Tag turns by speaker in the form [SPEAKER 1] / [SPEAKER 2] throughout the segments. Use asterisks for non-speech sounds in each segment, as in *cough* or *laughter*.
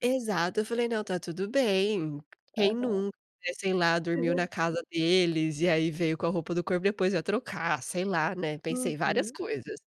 [SPEAKER 1] Exato, eu falei: "Não, tá tudo bem, quem
[SPEAKER 2] Aham.
[SPEAKER 1] nunca", sei lá dormiu na
[SPEAKER 2] *giggles*
[SPEAKER 1] casa deles, e aí veio com a roupa do corpo depois ia trocar, sei lá, né, pensei várias
[SPEAKER 2] Uhum.
[SPEAKER 1] coisas.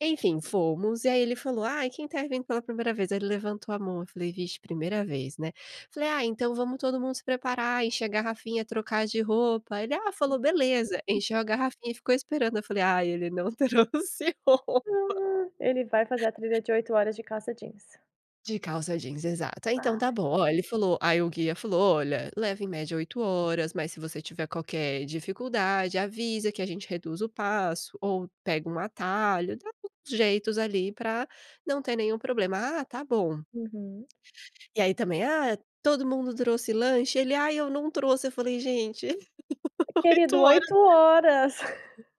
[SPEAKER 1] Enfim, fomos e aí ele falou: "Ai, quem tá vindo pela primeira vez?", aí ele levantou a mão, eu falei: "Vixe, primeira vez", né. Falei: "Ah, então vamos todo mundo se preparar, encher a garrafinha, trocar de roupa", ele, ah, falou: "Beleza". Encheu a garrafinha e ficou esperando, eu falei: "Ai, ele não trouxe roupa".
[SPEAKER 2] *gasps* Ele vai fazer a trilha de 8 horas de calça jeans.
[SPEAKER 1] De calça jeans, exato. Ah, então tá
[SPEAKER 2] Ai.
[SPEAKER 1] bom, ó, ele falou aí o guia falou: "Olha, leva em média 8 horas, mas se você tiver qualquer dificuldade avisa que a gente reduz o passo ou pega um atalho", dá uns jeitos ali pra não ter nenhum problema, "Ah, tá bom".
[SPEAKER 2] Uhum.
[SPEAKER 1] E aí também "Ah, todo mundo trouxe lanche?", ele: "Ai, eu não trouxe". Eu falei: "Gente, *laughs* 8
[SPEAKER 2] Querido,
[SPEAKER 1] horas".
[SPEAKER 2] 8 horas. *chuckles*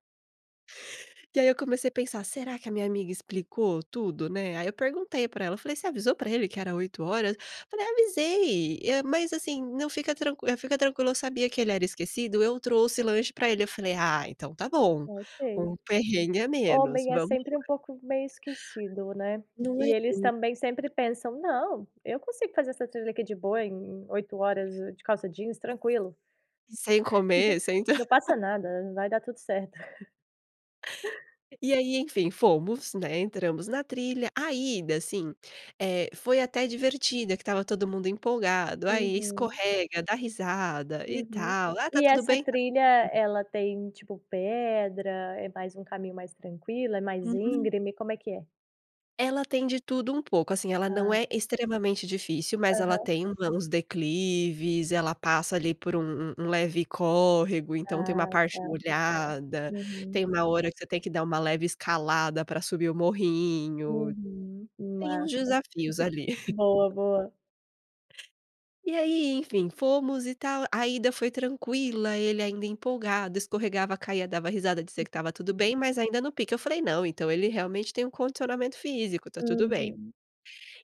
[SPEAKER 1] E aí eu comecei a pensar: "Será que a minha amiga explicou tudo, né", aí eu perguntei pra ela, falei: "Você avisou pra ele que era 8 horas?". Falei: "Avisei, eh, mas, assim, não, fica tranqu fica tranquila, eu sabia que ele era esquecido, eu trouxe lanche pra ele". Eu falei: "Ah, então tá bom,
[SPEAKER 2] Não sei.
[SPEAKER 1] um perrengue a menos,
[SPEAKER 2] Homem é
[SPEAKER 1] vamos
[SPEAKER 2] sempre um
[SPEAKER 1] lá".
[SPEAKER 2] pouco meio esquecido, né.
[SPEAKER 1] Não é
[SPEAKER 2] E eles também sempre
[SPEAKER 1] *unintelligible*
[SPEAKER 2] pensam: "Não, eu consigo fazer essa trilha aqui de boa em 8 horas de calça jeans, tranquilo.
[SPEAKER 1] Sem comer, sem
[SPEAKER 2] *giggles* Não
[SPEAKER 1] *laughs*
[SPEAKER 2] passa nada, vai dar tudo certo." *chuckles*
[SPEAKER 1] E aí, enfim, fomos, né, entramos na trilha, a ida, assim, eh, foi até divertida que estava todo mundo empolgado, aí
[SPEAKER 2] Uhum.
[SPEAKER 1] escorrega, dá risada e
[SPEAKER 2] Uhum.
[SPEAKER 1] tal "Ah, tá
[SPEAKER 2] E
[SPEAKER 1] tudo
[SPEAKER 2] essa
[SPEAKER 1] bem?"
[SPEAKER 2] trilha
[SPEAKER 1] *unintelligible*
[SPEAKER 2] ela tem, tipo, pedra, é mais um caminho mais tranquilo, é mais
[SPEAKER 1] Uhum.
[SPEAKER 2] íngreme, como é que é?
[SPEAKER 1] Ela tem de tudo um pouco, assim, ela não
[SPEAKER 2] Ah.
[SPEAKER 1] é extremamente difícil, mas ela
[SPEAKER 2] Aham.
[SPEAKER 1] tem u uns declives, ela passa ali por um um um leve córrego, então tem uma
[SPEAKER 2] Ah,
[SPEAKER 1] parte
[SPEAKER 2] tá.
[SPEAKER 1] molhada.
[SPEAKER 2] Uhum.
[SPEAKER 1] Tem uma hora que você tem que dar uma leve escalada pra subir o morrinho.
[SPEAKER 2] Uhum.
[SPEAKER 1] Tem uns
[SPEAKER 2] Massa.
[SPEAKER 1] desafios ali.
[SPEAKER 2] Boa,
[SPEAKER 1] *chuckles*
[SPEAKER 2] boa.
[SPEAKER 1] E aí, enfim, fomos e tal, a ida foi tranquila, ele ainda empolgado, escorregava, caía, dava risada, dizia que estava tudo bem, mas ainda no pique. Eu falei: "Não, ele realmente tem um condicionamento físico, tá tudo bem".
[SPEAKER 2] Uhum.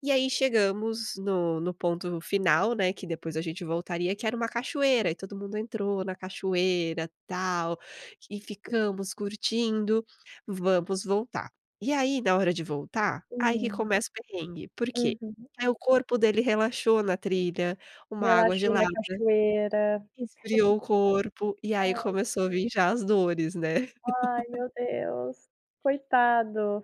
[SPEAKER 1] E aí, chegamos no no ponto final, né, que depois a gente voltaria, que era 1 cachoeira e todo mundo entrou na cachoeira tal e ficamos curtindo, vamos voltar. E aí na hora de voltar, aí que
[SPEAKER 2] Hum.
[SPEAKER 1] começa o perrengue, por quê?
[SPEAKER 2] Uhum.
[SPEAKER 1] Aí o corpo dele relaxou na trilha, uma água
[SPEAKER 2] Relaxou na
[SPEAKER 1] gelada,
[SPEAKER 2] cachoeira.
[SPEAKER 1] esfriou o corpo e
[SPEAKER 2] *chuckles*
[SPEAKER 1] aí
[SPEAKER 2] Ai.
[SPEAKER 1] começou a vir já as dores, né.
[SPEAKER 2] Ai
[SPEAKER 1] *laughs*
[SPEAKER 2] meu Deus, coitado.